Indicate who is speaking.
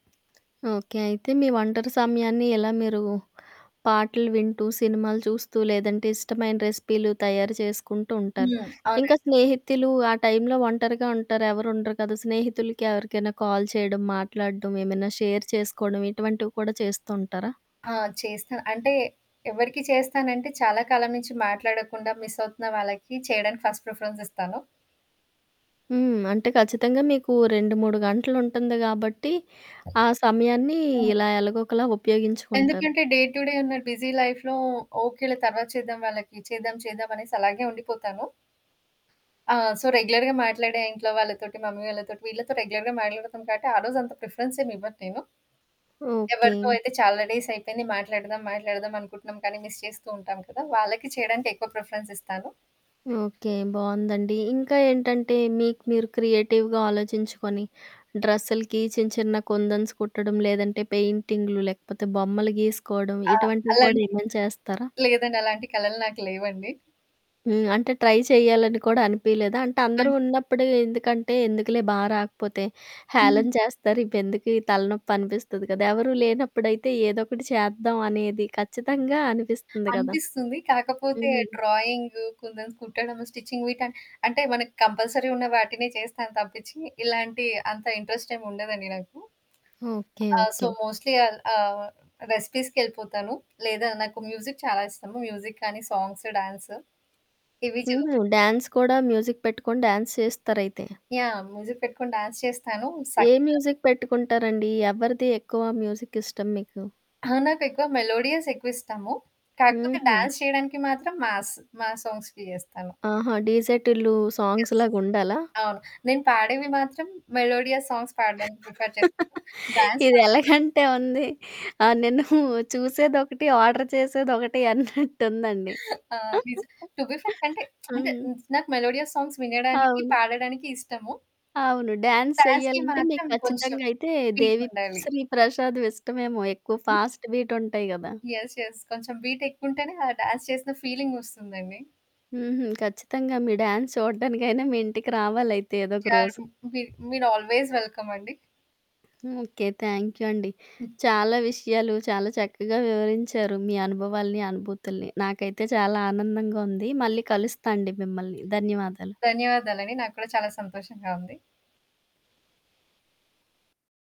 Speaker 1: Okay. అయితే మీ ఒంటరి సమయాన్ని ఎలా మీరు పాటలు వింటూ, సినిమాలు చూస్తూ, లేదంటే ఇష్టమైన రెసిపీలు తయారు చేసుకుంటూ ఉంటారు.
Speaker 2: హ్మ్.
Speaker 1: ఇంక
Speaker 2: అవునండి.
Speaker 1: స్నేహితులు ఆ టైంలో ఒంటరిగా ఉంటారు, ఎవరు ఉండరు కదా! స్నేహితులకి ఎవరికైనా కాల్ చేయడం, మాట్లాడ్డం, ఏమైనా షేర్ చేసుకోడం ఇటువంటివి కూడా చేస్తూ ఉంటారా?
Speaker 2: ఆ! చేస్తా అంటే, ఎవ్వరికి చేస్తానంటే చాలా కాలం నుంచి మాట్లాడకుండా మిసవుతున్న వాళ్ళకి చేయడానికి ఫస్ట్ ప్రిఫరెన్స్ ఇస్తాను.
Speaker 1: హ్మ్. అంటే, ఖచ్చితంగా మీకు 2, 3 గంటలు ఉంటుంది గాబట్టి ఆ సమయాన్ని
Speaker 2: హ్మ్.
Speaker 1: ఇలా ఎలగోకలా ఉపయోగించుకుంటారు.
Speaker 2: ఎందుకంటే, డే టు డే ఉన్న బిజీ లైఫ్‌లో ఓకేలే తర్వాత చేద్దాం వాళ్ళకి, చేద్దాం చేద్దామనేసి అలాగే ఉండిపోతాను. ఆ! సో, రెగ్యులర్‌గా మాట్లాడే ఇంట్లో వాళ్ళతోటి, మమ్మీ వాళ్ళతోటి వీళ్ళతో రెగ్యులర్‌గా మాట్లాడుతాం కాబట్టి ఆ రోజంతా ప్రిఫరెన్స్ ఏమి ఇవ్వను నేను. ఎవ్వరితో
Speaker 1: ఓకే.
Speaker 2: అయితే చాలా డేసైపోయింది మాట్లాడదాం, మాట్లాడదాం అనుకుంటున్నాం కానీ, మిస్ చేస్తూ ఉంటాం కదా! వాళ్ళకి చేయడానికి ఎక్కువ ప్రిఫరెన్స్ ఇస్తాను.
Speaker 1: ఓకే. బావుందండి. ఇంక ఏంటంటే మీకు మీరు క్రియేటివ్‌గా ఆలోచించుకొని డ్రెస్సులకి చిన్న చిన్న కుందన్స్ కుట్టడం లేదంటే, పెయింటింగులు లేకపోతే, బొమ్మలు గీసుకోవడం
Speaker 2: ఆ!
Speaker 1: ఇటువంటివి కూడా
Speaker 2: అలాంటి
Speaker 1: ఏమైనా చేస్తారా?
Speaker 2: లేదండి. అలాంటి కళలు నాకు లేవండి.
Speaker 1: హ్మ్. అంటే ట్రై చేయాలని కూడా అనిపియలేదా? అంటే అందరూ
Speaker 2: అన్
Speaker 1: ఉన్నప్పుడు ఎందుకంటే ఎందుకులే బా రాకపోతే
Speaker 2: హ్మ్.
Speaker 1: హేాళన చేస్తారు ఇవి ఎందుకు ఈ తలనొప్పి అనిపిస్తది కదా! ఎవరూ లేనప్పుడైతే ఏదో ఒకటి చేద్దాం అనేది ఖచ్చితంగా అనిపిస్తుంది గదా!
Speaker 2: అనిపిస్తుంది. కాకపోతే
Speaker 1: హ్మ్.
Speaker 2: డ్రాయింగు, కుందన్స్ కుట్టడము, స్టిచ్చింగ్ వీట అంటే మనకు కంపల్సరీ ఉన్న వాటినే చేస్తాను తప్పించి ఇలాంటి అంత ఇంట్రెస్టేం ఉండదండి నాకు.
Speaker 1: ఓకే.
Speaker 2: ఆ! So,
Speaker 1: okay.
Speaker 2: మోస్ట్‌లీ అది ఆహ్, రెసిపీస్‌కెళ్ళిపోతాను. లేదా నాకు మ్యూజిక్ చాలా ఇష్టము. మ్యూజిక్ కానీ, సాంగ్సు, డాన్సు. ఇవి చో
Speaker 1: హుహు. డాన్స్ కూడా మ్యూజిక్ పెట్టుకొని డాన్స్ చేస్తారైతే.
Speaker 2: యాహ్! మ్యూజిక్ పెట్టుకొని డాన్స్ చేస్తాను
Speaker 1: ఏ
Speaker 2: సంగీతం
Speaker 1: మ్యూజిక్ పెట్టుకుంటారండి? ఎవరిది ఎక్కువ మ్యూజిక్ ఇష్టం మీకు?
Speaker 2: ఆ! నాకెక్కువ మెలోడియస్ ఎక్కువ ఇస్టము. కాకపోతే
Speaker 1: హుహు.
Speaker 2: డాన్స్ చేయడానికి మాత్రం మాస్సు. మాస్ సాంగ్స్‌కి చేస్తాను.
Speaker 1: ఆహా! DJ Tillu songs‌
Speaker 2: yes.
Speaker 1: లాగా ఉండాలా?
Speaker 2: అవును. నేను పాడేవి మాత్రం మెలోడియా సాంగ్స్ పాడడానికి ప్రిఫర్ చేశాను. డాన్స్
Speaker 1: ఇది
Speaker 2: మాత్రం మాస్.
Speaker 1: ఎలాగంటే ఉంది, ఆ! నిన్ను చూసేదొకటి, ఆర్డర్ చేసేదొకటి అన్నట్టుందండి.
Speaker 2: ఆ! నిజం. టు బీ ఫ్రాంక్ అంటే అంటే
Speaker 1: హ్మ్.
Speaker 2: హ్మ్, నాకు మెలోడియా సాంగ్స్ వినడానికి,
Speaker 1: అవును.
Speaker 2: పాడడానికి ఇష్టము.
Speaker 1: అవును. డాన్స్
Speaker 2: డాన్స్‌కి
Speaker 1: చెయ్యాలంటే మీకు
Speaker 2: మాత్రం కొంచెం
Speaker 1: ఖచ్చితంగా అయితే 'దేవి
Speaker 2: పీకుండాలి.
Speaker 1: శ్రీ ప్రసాద్' ఇష్టమేమో ఎక్కువ
Speaker 2: హ్మ్.
Speaker 1: ఫాస్ట్ బీట్ ఉంటాయి గదా!
Speaker 2: యెస్. యెస్. కొంచెం బీటేక్కుంటేనే ఆ డాన్స్ చేసిన ఫీలింగ్ వస్తుందండి.
Speaker 1: హుహు. ఖచ్చితంగా మీ డాన్స్ చూడ్డానికైనా మీ ఇంటికి రావాలైతే ఏదో ఒక రోజు.
Speaker 2: చాలు. మీ మీరు ఆల్‌వేస్ వెల్కమండి.
Speaker 1: ఓకే. థాంక్యూ అండి.
Speaker 2: హ్మ్.
Speaker 1: చాలా విషయాలు చాలా చక్కగా వివరించారు మీ అనుభవాల్ని, అనుభూతుల్ని. నాకైతే చాలా ఆనందంగా ఉంది. మళ్ళీ కలుస్తాండి మిమ్మల్ని, ధన్యవాదాలు.
Speaker 2: ధన్యవాదాలండి. నాకు కూడా చాలా సంతోషంగా ఉంది.